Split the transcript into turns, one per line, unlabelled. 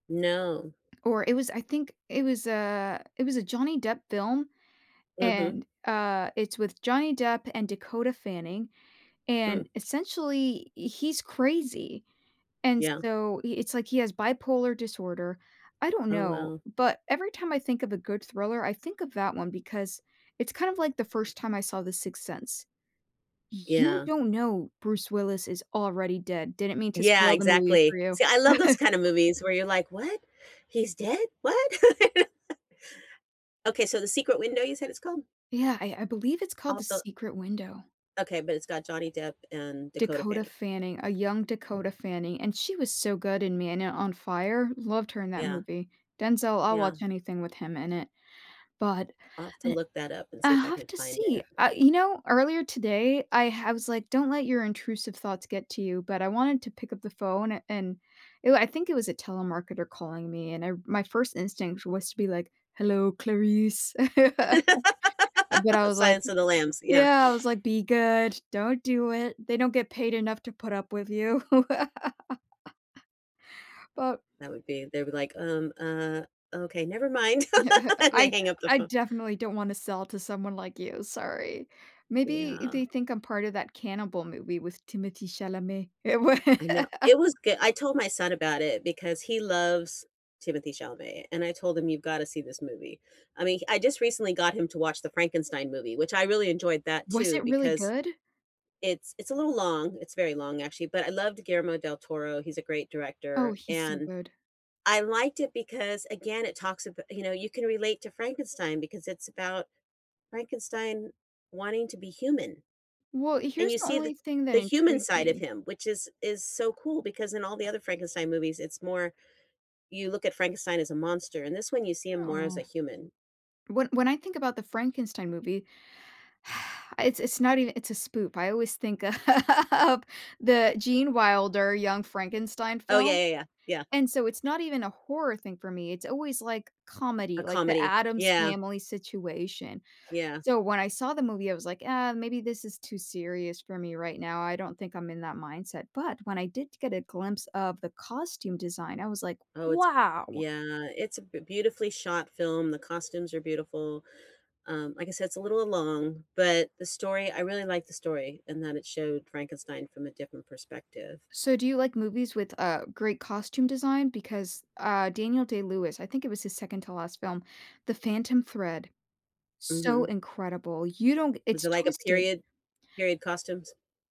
No.
Or it was, I think, it was a it was a Johnny Depp film,
Mhm.
and uh, it's with Johnny Depp and Dakota Fanning,
Mm.
and essentially, he's crazy, and
Yeah.
so i it's like he has bipolar disorder, I don't
Oh,
know,
well.
but every time I think of a good thriller, I think of that one because it's kind of like the first time I saw The Sixth Sense. You
Yeah.
don't know Bruce Willis is already dead, didn't mean to
Yeah,
spoil the movie
exactly,
for you.
see, I love those kind of movies where you're like, "What, he's dead, what?" Okay, so The Secret Window, you said it's called?
Yeah, I I believe it's called The
Off the
Secret Window.
Okay, but it's got Johnny Depp and Dakota
Dakota
Fanning.
Fanning, a young Dakota Fanning, and she was so good in Man uh, On Fire, loved her in that
Yeah.
movie, Denzel, I'll watch
Yeah.
anything with him in it, but,
I'll have to
I'd
look that up and see if
I'll
I
have
can
to
find
see,
it.
I you know, earlier today, I ha was like, "Don't let your intrusive thoughts get to you," but I wanted to to pick up the phone a and, ooh, I think it was a telemarketer calling me, and I my first instinct was to be like, "Hello, Clarice." But I was like
Silence of the lambs, yeah.
Yeah, I was like, "Be good, don't do it, they don't get paid enough to put up with you." But
That would be they'll be like, "Um, uh, okay, never mind," and they
"I
hang up the
I
phone.
definitely don't wanna sell to someone like you, sorry," maybe
Yeah.
they think I'm part of that cannibal movie with Timothée Chalamet.
I know, it was goo I told my son about it because he loves Timothée Chalamet, and I told him "You've gotta see this movie," I mean, I just recently got him to watch the Frankenstein movie, which I really enjoyed that
Was
too
it really
because
good?
it's it's a little long, it's very long, actually, but I loved Guillermo del Toro, he's a great
Oh,
director,
he's so
and
good.
I liked it because, again, it talks abo you know, you can relate to Frankenstein because it's about Frankenstein wanting to be human.
Well,
And
here's
you
the
see the
only thing that
the human
intrigues
side of
me
him, which is is so cool because in all the other Frankenstein movies, it's more you look at Frankenstein as a monster, in this one, you see him more as
Oh.
a human.
When when I think about the Frankenstein movie, it's it's not even it's a spoop I always think of the Gene Wilder Young Frankenstein
Oh, yeah,
film,
yeah, yeah. Yeah.
and so it's not even a horror thing for me, it's always like
A
comedy, like the
comedy.
Addams
Yeah.
Family situation,
Yeah.
so when I saw the movie, I was like, "Uh, maybe this is too serious for me right now, I don't think I'm in that mindset," but when I did get a glimpse of the costume design, I was like,
Oh, it's
"Wow!"
yeah, it's a b beautifully shot film, the costumes are beautiful, um, like I said, it's a little long, but the story, I really like the story and that it showed Frankenstein from a different perspective.
So do you like movies with uh, great costume design, because uh, Daniel Day Lewis, I think it was his second to last film, The Phantom Thread. So
Mhm.
incredible, you don't g
Was
it's
it like a
twisted.
period period costumes?